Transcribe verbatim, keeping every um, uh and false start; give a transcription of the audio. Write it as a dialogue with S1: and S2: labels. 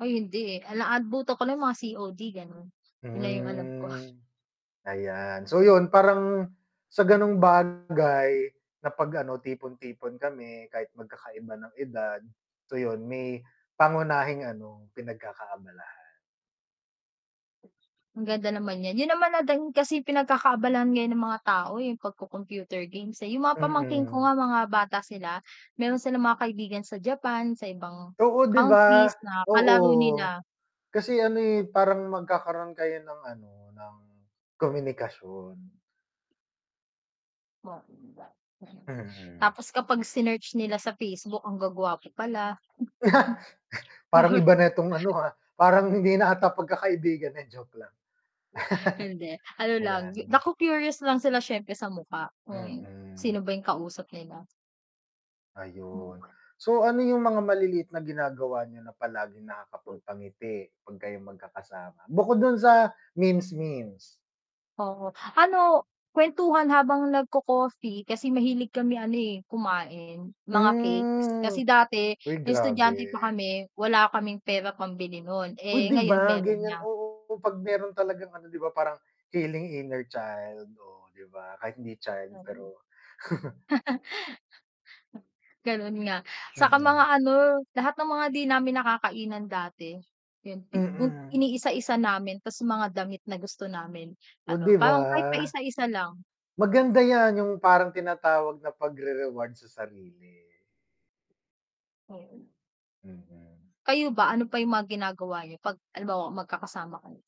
S1: Ay hindi, eh. Naabutan ko lang yung mga C-O-D gano'n. Yun na yung alam ko.
S2: Hmm. Ayan. So, 'yun, parang sa gano'ng bagay na 'pag ano, tipon-tipon kami kahit magkakaiba ng edad, so 'yun may pangunahing ano, pinagkakaabalahan.
S1: Maganda naman 'yan, 'yun naman natin kasi pinagkakaabalahan ngayon ng mga tao, yung pagko computer games, eh. Yung mga pamangkin ko
S2: Mm.
S1: nga mga bata sila, meron silang mga kaibigan sa Japan, sa ibang
S2: Oo, 'di ba?
S1: countries na
S2: Oo,
S1: kalaro nila.
S2: kasi ano, eh, parang magkakaroon kayo ng ano, ng komunikasyon.
S1: [unintelligible]
S2: Mm.
S1: Tapos kapag sinearch nila sa Facebook ang guwa-gwapo pala.
S2: Parang iba na itong ano, ah, parang hindi na 'ata pagkakaibigan, eh, joke lang.
S1: Hindi, ano lang
S2: Ayan.
S1: naku curious lang sila syempre sa mukha, kung
S2: Mm.
S1: sino ba 'yung kausap nila. Mm.
S2: Ayun. So, ano 'yung mga maliliit na ginagawa niyo na palaging nakakapagpangiti 'pag kayo magkakasama? Bukod do'n sa memes-memes.
S1: Oo. Ano, kuwentuhan habang nagko-coffee kasi mahilig kami ano, eh, kumain, mga cakes.
S2: Hmm.
S1: Kasi dati
S2: Hoy,
S1: nung estudyante pa
S2: grabe.
S1: kami, wala kaming pera pambili nun.
S2: Uy,
S1: Eh,
S2: 'di
S1: ngayon
S2: ba,
S1: meron
S2: gan'yan,
S1: nga.
S2: oo, 'pag meron talagang ano, 'di ba, parang heading inner child. Oh di ba, kahit hindi child
S1: Mm.
S2: pero
S1: Ganun nga. Tsaka mga
S2: Mm.
S1: ano, lahat ng mga di namin nakakainan dati yun, unti
S2: Mm.
S1: iniisa-isa namin tapos mga damit na gusto namin
S2: Oh, 'di
S1: ano,
S2: ba?
S1: parang kahit paisa-isa lang.
S2: Maganda 'yan yung parang tinatawag na pagre-reward sa sarili.
S1: Oo.
S2: Hmm.
S1: Kayo ba, ano pa yung mga ginagawa niyo 'pag halimbawa magkakasama kayo?